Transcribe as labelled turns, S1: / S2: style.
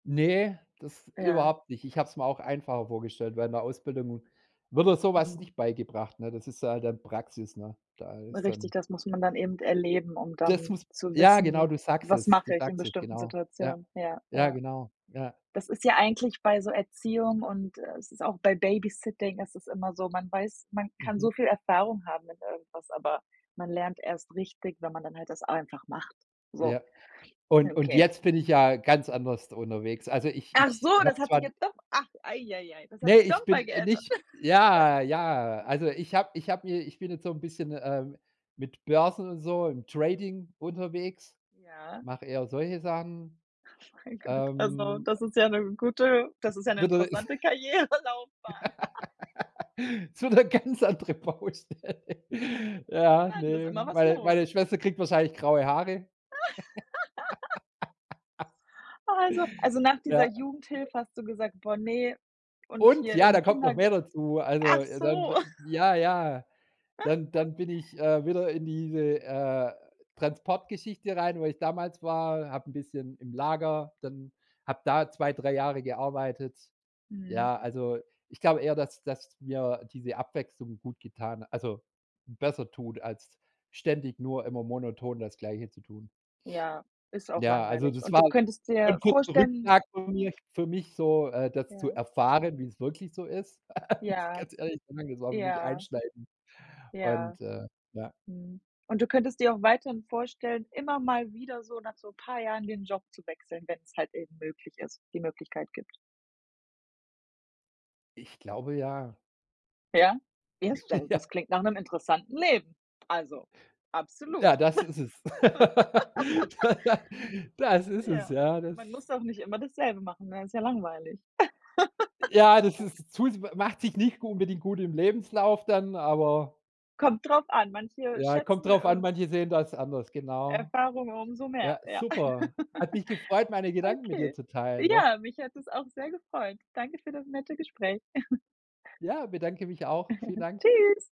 S1: Ne, das
S2: Ja.
S1: überhaupt nicht. Ich habe es mir auch einfacher vorgestellt während ’ner Ausbildung wird dir so was
S2: Mhm.
S1: nicht beigebracht, ne? Das ist da halt dann Praxis, ne? Da ist
S2: Richtig,
S1: dann
S2: das muss man dann eben erleben, um
S1: das
S2: dann
S1: muss
S2: zu
S1: ja, genau,
S2: wissen:
S1: du sagst
S2: „Was
S1: es. Du
S2: mache ich in
S1: sagst es,
S2: bestimmten
S1: genau. Ja.
S2: Situationen?“. Ja,
S1: Ja,
S2: ja.
S1: genau. Ja.
S2: Das ist ja eigentlich bei so Erziehung und äh, es ist auch bei Babysitting ist es immer so, man weiß man kann so
S1: Mhm.
S2: viel Erfahrung haben in irgendwas, aber man lernt erst richtig, wenn man dann halt das einfach macht. So.
S1: Ja.
S2: Ja,
S1: Und und
S2: okay.
S1: jetzt bin ich ja ganz anders d unterwegs. Also, ich
S2: Ach so,
S1: ich
S2: das
S1: habe
S2: hat
S1: zwar
S2: sich
S1: die
S2: jetzt doch ach, ei ei ei, das hat
S1: Ne,
S2: sich
S1: ich
S2: noch
S1: bin
S2: mal
S1: äh,
S2: geändert.
S1: nicht. Ja, ja, also, ich habe ich habe mir ich bin jetzt so ’n bisschen, ähm, mit Börsen und so im Trading unterwegs.
S2: Ja.
S1: Mache eher solche Sachen.
S2: Oh mein Gott, also,
S1: Ähm, äh
S2: das ist ja ‘ne gute das ist ja ‘ne
S1: Würde
S2: interessante Karrierelaufbahn.
S1: So ‘ne ganz andere Baustelle.
S2: Ja,
S1: Ja,
S2: interessant. Ist
S1: ne.
S2: immer was
S1: Meine
S2: los.
S1: meine Schwester kriegt wahrscheinlich graue Haare.
S2: Also also, nach dieser
S1: Ja. [unintelligible]
S2: Jugendhilfe hast du gesagt: „Boah, ne, und
S1: Und
S2: hier
S1: ja,
S2: im
S1: da kommt noch
S2: Kinderg“.
S1: mehr dazu. Also,
S2: Ach
S1: äh, dann,
S2: so.
S1: äh ja, ja. Dann dann bin ich, äh, wieder in diese, äh, Transportgeschichte rein, wo ich damals war, habe ’n bisschen im Lager dann, habe da 2, 3 Jahre gearbeitet.
S2: Mhm.
S1: Ja, also, ich glaube eher, dass dass mir diese Abwechslung gut getan also, besser tut, als ständig nur immer monoton das Gleiche zu tun.
S2: Ja, ist auch
S1: Ja, also,
S2: langweilig.
S1: das
S2: Und
S1: war
S2: du könntest
S1: schon ’n
S2: dir
S1: kurzer
S2: vorstellen
S1: Rückschlag von mir für mich so, äh, das zu
S2: Ja.
S1: erfahren, wie es wirklich so ist. Muss ich
S2: Ja,
S1: ganz ehrlich sagen, das war für mich
S2: ja.
S1: einschneidend
S2: Ja.
S1: und, äh ja.
S2: Mhm. Und du könntest dir auch weiterhin vorstellen, immer mal wieder so nach so paar Jahren den Job zu wechseln, wenn’s halt eben möglich ist die Möglichkeit gibt?
S1: Ich glaube ja.
S2: Ja, [unintelligible]
S1: Ja.
S2: das klingt nach ’nem interessanten Leben. Also,
S1: Ja,
S2: absolut.
S1: das ist es. Da das ist es,
S2: Ja,
S1: ja, das
S2: man muss auch nicht immer dasselbe machen, ne? Ist ja langweilig.
S1: Ja, das ist zu s macht sich nicht gut unbedingt gut im Lebenslauf dann, aber
S2: Kommt drauf an, manche
S1: Ja, kommt
S2: schätzen,
S1: drauf an,
S2: äh
S1: manche sehen das anders, genau.
S2: Erfahrungen umso mehr,
S1: Ja,
S2: ja.
S1: super. Hat mich gefreut meine Gedanken mit dir
S2: Okay.
S1: zu teilen, doch.
S2: Ja, mich hat es auch sehr gefreut. Danke für das nette Gespräch.
S1: Ja, bedanke mich auch. Vielen Dank.
S2: Tschüss.